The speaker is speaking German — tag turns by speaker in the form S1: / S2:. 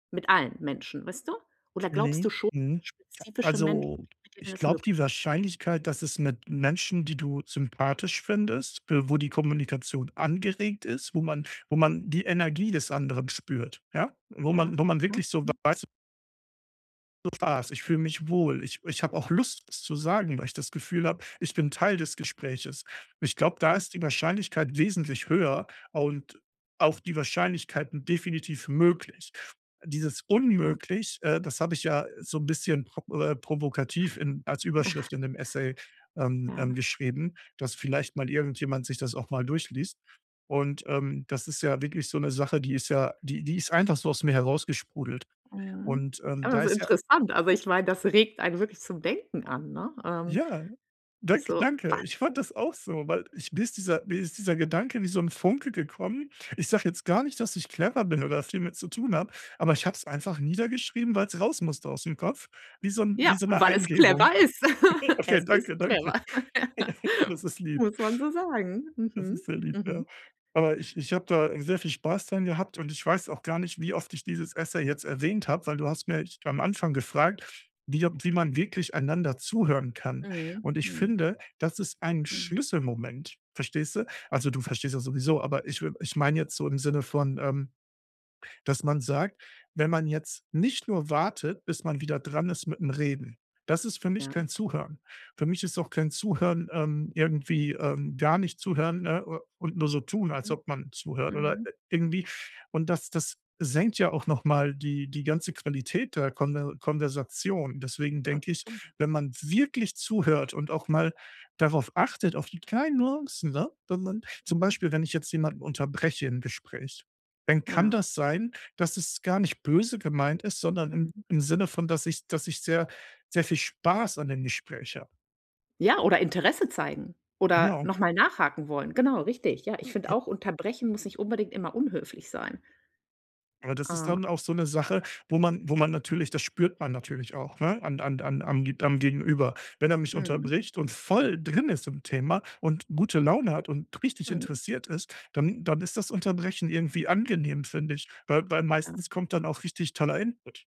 S1: Mit allen Menschen, weißt du? Oder glaubst du
S2: Ne.
S1: schon
S2: Mhm.
S1: spezifische Menschen,
S2: Also,
S1: mit denen
S2: ich
S1: das
S2: glaube, die
S1: möglich ist?
S2: Wahrscheinlichkeit, dass es mit Menschen, die du sympathisch findest, w wo die Kommunikation angeregt ist, wo man wo man die Energie des anderen spürt, ja? Wo
S1: Ja,
S2: man wo man
S1: mhm,
S2: wirklich so
S1: mhm.
S2: weiß so, [unintelligible] ich fühle mich wohl, ich ich habe auch Lust, was zu sagen, weil ich das Gefühl habe, ich bin Teil des Gespräches. Ich glaube, da
S1: Ja.
S2: ist die Wahrscheinlichkeit wesentlich höher und auch die Wahrscheinlichkeiten definitiv möglich. Dieses
S1: Ja.
S2: Unmöglich, äh, das habe ich ja so 'n bisschen pro äh, provokativ in als
S1: Ja.
S2: Überschrift in dem Essay, ähm, dann
S1: Ja.
S2: geschrieben, dass vielleicht mal irgendjemand sich das auch mal durchliest. Und, ähm, das ist ja wirklich so 'ne Sache, die ist ja die die ist einfach so aus mir herausgesprudelt.
S1: Mhm.
S2: Und, ähm,
S1: Ja,
S2: da
S1: ist
S2: ist ja
S1: interessant. Also, ich meine, das regt einen wirklich zum Denken an, ne? Ähm,
S2: Ja, danke,
S1: so, wa
S2: danke. Ich fand das auch so, weil ich mir ist dieser mir ist dieser Gedanke wie so 'n Funke gekommen. Ich sage jetzt gar nicht, dass ich clever bin oder viel mit zu tun habe, aber ich habe es einfach niedergeschrieben, weil's raus musste ausm Kopf, wie so 'n wie
S1: Ja,
S2: so
S1: und
S2: 'ne
S1: weil es
S2: Eingebung.
S1: clever ist.
S2: Okay,
S1: Es ist
S2: danke,
S1: clever.
S2: danke. Das ist lieb.
S1: Muss man so sagen.
S2: Das
S1: Mhm.
S2: ist sehr lieb,
S1: Mhm.
S2: ja. Aber ich ich habe da sehr viel Spaß dran gehabt und ich weiß auch gar nicht, wie oft ich dieses Essay jetzt erwähnt habe, weil du hast mich am Anfang gefragt, wie wie man wirklich einander zuhören kann.
S1: Mhm,
S2: Und ich
S1: mhm.
S2: finde, das ist ein
S1: Mhm.
S2: Schlüsselmoment, verstehst du? Also, du verstehst das sowieso, aber ich we ich meine jetzt so im Sinne von, ähm, dass man sagt, wenn man jetzt nicht nur wartet, bis man wieder dran ist mit'm Reden, das ist für mich
S1: Ja.
S2: kein Zuhören. Für mich ist auch kein Zuhören, ähm, irgendwie ähm, gar nicht zuhören, ne, u und nur so tun, als
S1: Mhm,
S2: ob man zuhört oder,
S1: mhm.
S2: äh, irgendwie. Und das das senkt ja auch noch mal die die ganze Qualität der Konver Konversation. Deswegen denke ich,
S1: [unintelligible]
S2: wenn man wirklich zuhört und auch mal darauf achtet, auf die kleinen Nuancen, ne, wenn man zum
S1: Mhm.
S2: Beispiel, wenn ich jetzt jemanden unterbreche im Gespräch, dann kann
S1: Genau.
S2: das sein, dass es gar nicht böse gemeint ist, sondern im
S1: Mhm.
S2: im Sinne von, dass ich dass ich sehr sehr viel Spaß an dem Gespräch habe.
S1: Ja, oder Interesse zeigen, oder
S2: Genau.
S1: noch mal nachhaken wollen. Genau, richtig, ja. Ich finde
S2: Ja.
S1: auch, unterbrechen muss nicht unbedingt immer unhöflich sein.
S2: Aber das ist
S1: Ah.
S2: dann auch so 'ne Sache, wo man wo man natürlich das spürt man natürlich auch, ne, an an an am Ge am Gegenüber. Wenn er mich
S1: Mhm.
S2: unterbricht und voll drin ist im Thema und gute Laune hat und richtig
S1: Mhm.
S2: interessiert ist, dann dann ist das Unterbrechen irgendwie angenehm, finde ich, weil weil
S1: Ja.
S2: meistens kommt dann auch richtig toller Input.